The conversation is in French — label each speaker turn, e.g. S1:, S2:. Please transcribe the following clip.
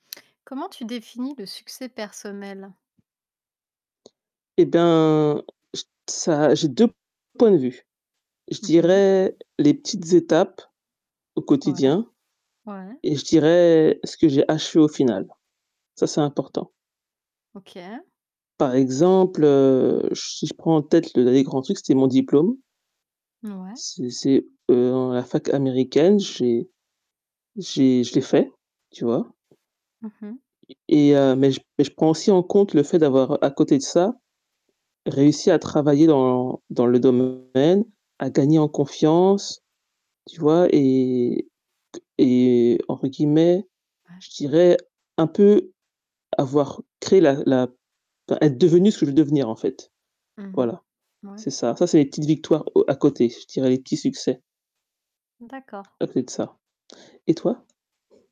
S1: Comment tu définis le succès personnel?
S2: Eh ben je ça, j'ai 2, points de vue. Je
S1: Mmh mh.
S2: dirais, les petites étapes, au
S1: Ouais.
S2: quotidien.
S1: Ouais.
S2: Et je dirais, ce que j'ai achevé au final. Ça, c'est important.
S1: OK.
S2: Par exemple heu, j si je prends en tête le dernier grand truc, c'était mon diplôme.
S1: Ouais.
S2: C'est c'est heu, en à la fac Américaine, j'ai j'ai je l'ai fait, tu vois?
S1: Mmh mh.
S2: Et et heu, mais je mais je prends aussi en compte le fait d'avoir à côté de ça, réussi à travailler dans dans le domaine, à gagner en confiance. Tu vois? Et que et, entre guillemets,
S1: Ouais.
S2: je dirais un peu, avoir créé la la p être devenue ce que je veux devenir en fait.
S1: Mmh mh.
S2: Voilà.
S1: Mouais.
S2: C'est ça. Ça c'est mes petites victoires au à côté, je dirais les petits succès.
S1: D'accord.
S2: À côté de ça. Et toi?